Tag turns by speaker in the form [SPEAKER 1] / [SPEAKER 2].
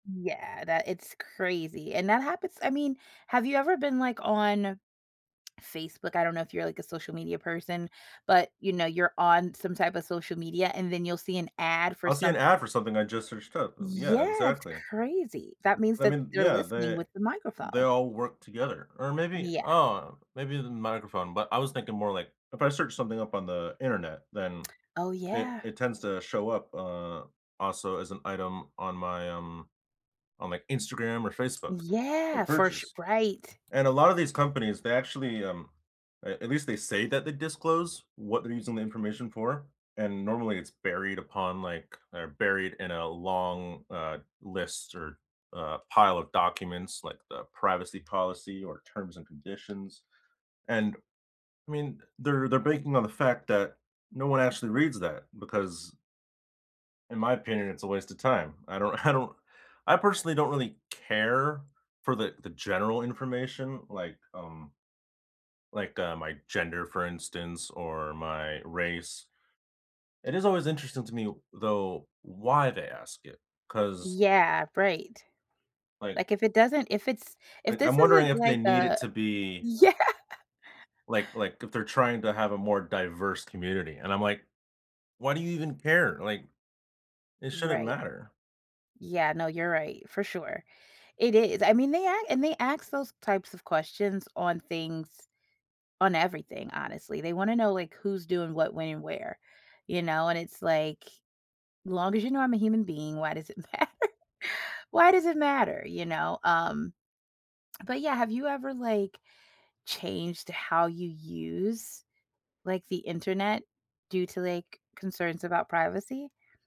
[SPEAKER 1] Yeah, that it's crazy, and that happens I mean, have you ever been, like, on Facebook? I don't know if you're, like, a social media person, but, you know, you're on some type of social media, and then you'll see an ad for
[SPEAKER 2] I'll see an
[SPEAKER 1] some
[SPEAKER 2] ad for something I just searched up,
[SPEAKER 1] Yeah,
[SPEAKER 2] yeah,
[SPEAKER 1] it's
[SPEAKER 2] exactly.
[SPEAKER 1] crazy, that means
[SPEAKER 2] I
[SPEAKER 1] that
[SPEAKER 2] mean,
[SPEAKER 1] they're
[SPEAKER 2] yeah,
[SPEAKER 1] listening
[SPEAKER 2] they
[SPEAKER 1] with the
[SPEAKER 2] they
[SPEAKER 1] microphone.
[SPEAKER 2] all work together or maybe,
[SPEAKER 1] Yeah.
[SPEAKER 2] oh, maybe the microphone, but I was thinking more like if I search something up on the Internet, then
[SPEAKER 1] Oh,
[SPEAKER 2] it
[SPEAKER 1] yeah.
[SPEAKER 2] it tends to show up, uh, also as an item on my um on my Instagram or Facebook for
[SPEAKER 1] Yeah, for su
[SPEAKER 2] purchase,
[SPEAKER 1] right.
[SPEAKER 2] and a lot of these companies, they actually, um, at at least they say that they disclose what they're using the information for, and normally it's buried upon like they're buried in a long, uh, list or, uh, pile of documents like the privacy policy or terms and conditions. And, I mean, they're they're banking on the fact that no one actually reads that because in my opinion, it's a waste of time, I don't I don't I personally don't really care for the the general information, like, um, like, uh, my gender, for instance, or my race. It is always interesting to me, though, why they ask it, 'cause
[SPEAKER 1] Yeah, right.
[SPEAKER 2] Like
[SPEAKER 1] Like, if it doesn't if it's
[SPEAKER 2] I
[SPEAKER 1] if this
[SPEAKER 2] I'm wondering
[SPEAKER 1] isn't
[SPEAKER 2] if they
[SPEAKER 1] like
[SPEAKER 2] need it
[SPEAKER 1] a
[SPEAKER 2] to be
[SPEAKER 1] yeah.
[SPEAKER 2] like like if they're trying to have a more diverse community and I'm, like, "Why do you even care?" Like, it shouldn't
[SPEAKER 1] Right.
[SPEAKER 2] matter.
[SPEAKER 1] Yeah, no, you're right, for sure. It is, I mean, they act and they ask those types of questions on things on everything, honestly, they wanna know, like, who's doing what, when and where, you know? And it's, like, "Long as you know I'm a human being, why does it matter? why does it matter?" you know? Um, but, yeah, have you ever, like, changed how you use, like, the Internet due to, like, concerns about privacy?